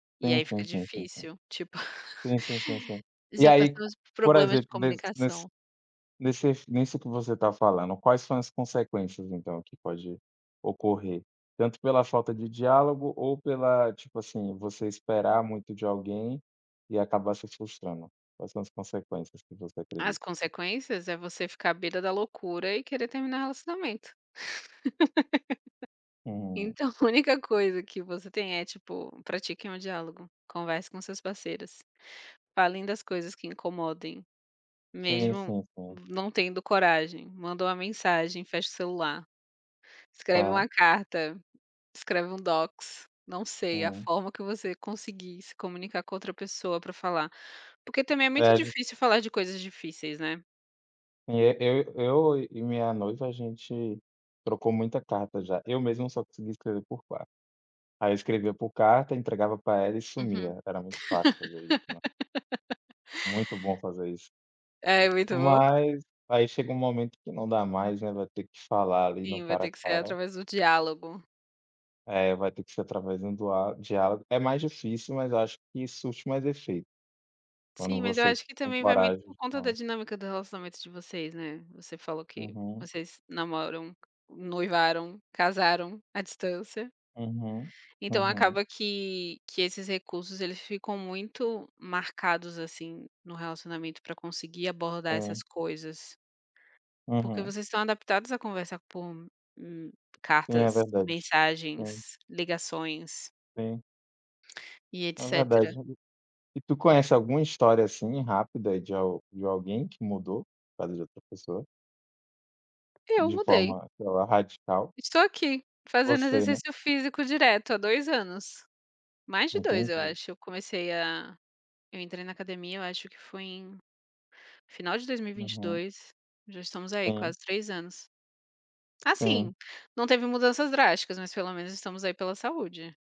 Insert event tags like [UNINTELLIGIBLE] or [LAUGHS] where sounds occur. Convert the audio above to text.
E Sim, aí fica sim, sim, sim, sim. difícil, tipo, Sim, sim, sim, sim. [CHUCKLES] E já aí, passamos por por problemas de exemplo, nesse nesse comunicação. nesses nisso que você está falando, quais são as consequências, então, que pode ocorrer? Tanto pela falta de diálogo ou pela, tipo assim, você esperar muito de alguém, e acabar se frustrando. Quais são as consequências que você acredita? As consequências é você ficar à beira da loucura e querer terminar o relacionamento. [CHUCKLES] [LAUGHS] Então a única coisa que você tem é, tipo: pratiquem o diálogo. Conversem com seus parceiros. Falem das coisas que incomodem, Sim, mesmo sim, sim. v não tendo coragem, manda uma mensagem, fecha o celular. Escreve Tá. uma carta, escreve um docs. Não sei. A Hum. forma que você conseguir se comunicar com a outra pessoa pra falar. Porque também é É, muito a gente difícil falar de coisas difíceis, né. E e eu eu e minha noiva, a gente trocou muita carta já. Eu mesmo só conseguia escrever por carta. Aí, eu escrevia por carta, entregava pra ela e Uhum. sumia. Era muito fácil fazer isso, né. [LAUGHS] Muito bom fazer isso. É muito bom. Mas, aí, chega um momento que não dá mais, né. Vai ter que falar ali no Sim, vai cara ter a que ser cara. através do diálogo. É vai ter que ser através de um dua diálogo. É mais difícil, mas acho que surte mais efeito quando Sim, mas eu você acho que tem também vai muito coragem por de conta da falar. dinâmica do relacionamento de vocês, né. Você falou que Uhum. vocês namoram, noivaram, casaram, à distância. Uhum. Então, Uhum. acaba que que esses recursos eles ficam muito marcados, assim, no relacionamento, para conseguir abordar essas Sim. coisas. Porque Uhum. vocês estão adaptados à conversar por, hum, Sim, é cartas, verdade. Sim. mensagens, ligações Sim. e É verdade etcétera. [UNINTELLIGIBLE] E tu conhece alguma história assim rápida de al de alguém que mudou por causa de outra pessoa Eu de mudei. forma, sei lá, radical? Estou aqui, fazendo Você, né? exercício físico direto, há 2 anos. Mais de 2, eu Entendi. acho. Eu comecei a eu entrei na academia, eu acho que foi em final de dois mil e vinte e Uhum. dois. Já estamos aí, Sim. quase 3 anos. Assim, Sim. não teve mudanças drásticas, mas, pelo menos, estamos aí pela saúde.